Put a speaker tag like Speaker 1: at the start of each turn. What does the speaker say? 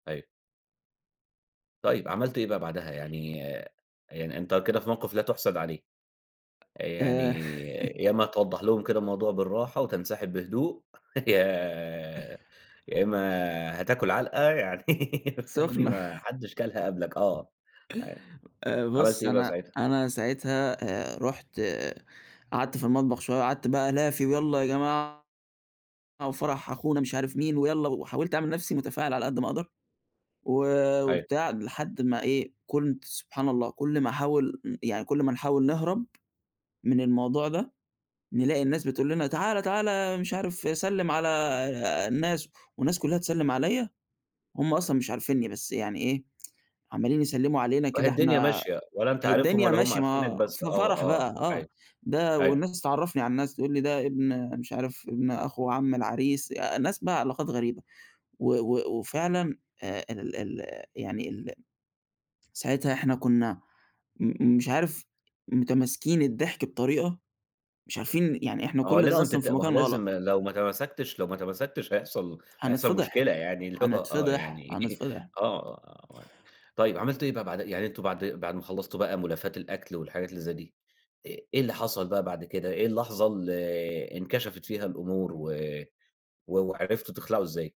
Speaker 1: أيوه. طيب عملت إيه بقى بعدها يعني يعني أنت كده في موقِف لا تُحسد عليه. يعني
Speaker 2: آآ
Speaker 1: يا إمّا توضّح لهم كده الموضوع بالراحة وتنسحب بهدوء، يا يا إمّا هتاكل عَلقة يعني، فاهمني؟
Speaker 2: سخنة.
Speaker 1: ما حدش كَلها قبلك، آه، أيوه.
Speaker 2: آآ،
Speaker 1: عملت
Speaker 2: بُص
Speaker 1: إيه بقى
Speaker 2: أنا
Speaker 1: ساعتها؟
Speaker 2: أنا ساعتها آآ، رُحت قعدت في المطبخ شوية، قعدت بقى ألافي ويالّا يا جماعة وفرح أخونا مش عارف مين ويالّا، وحاولت أعمل نَفْسي متفاعل على قد ما أقدَر، و
Speaker 1: أيوه.
Speaker 2: وبتاع، لحد ما إيه كنت سبحان الله كُلّ ما أحاول م يعني كُلّ ما نحاول نهرَب من الموضوع ده، نلاقي الناس بتقول لنا تعالَ، تعالَ، مش عارف سلّم على آآ، الناس والناس كُلّها تسلّم عليّا، هُم أصلًا مش عارفينني بس يعني إيه، عمالين يسلّموا علينا
Speaker 1: واهي
Speaker 2: كده
Speaker 1: الدنيا
Speaker 2: إحنا
Speaker 1: ماشية، ولا أنت عارفهم
Speaker 2: الدنيا
Speaker 1: ولا هُم
Speaker 2: ماشية
Speaker 1: عارفينك
Speaker 2: ما
Speaker 1: بس
Speaker 2: في
Speaker 1: آه،
Speaker 2: فرح بقى
Speaker 1: آه، أيوه،
Speaker 2: آه. ده
Speaker 1: أيوه.
Speaker 2: والناس تعرّفني على الناس تقول لي ده ابن مش عارف ابن أخو عم العريس، ناس بقى علاقات غريبة. و و وفعلًا آآ، ال ال يعني ال ساعتها إحنا كنا م مش عارف متماسكين الضحك بطريقة، مش عارفين يعني إحنا
Speaker 1: ما هو
Speaker 2: كُلّ ده
Speaker 1: لازم
Speaker 2: أصلًا
Speaker 1: تت
Speaker 2: في
Speaker 1: ما هو
Speaker 2: مكان غلط.
Speaker 1: لازم لو ما تماسكتش لو ما تمسّكتش هيحصَل هيحصَل
Speaker 2: هنتفضح،
Speaker 1: مشكلة يعني اللي هو آه
Speaker 2: هنتفضح،
Speaker 1: يعني
Speaker 2: هنتفضح.
Speaker 1: آه. طيب عملت إيه بقى بعدها يعني أنتم بعد بعد ما خلّصتوا بقى ملافات الأكل والحاجات اللي زَي دي، إ إيه اللي حصَل بقى بعد كده؟ إيه اللحظة اللي انكشفت فيها الأمور، و و وعرِفتوا تخلَعوا إزاي؟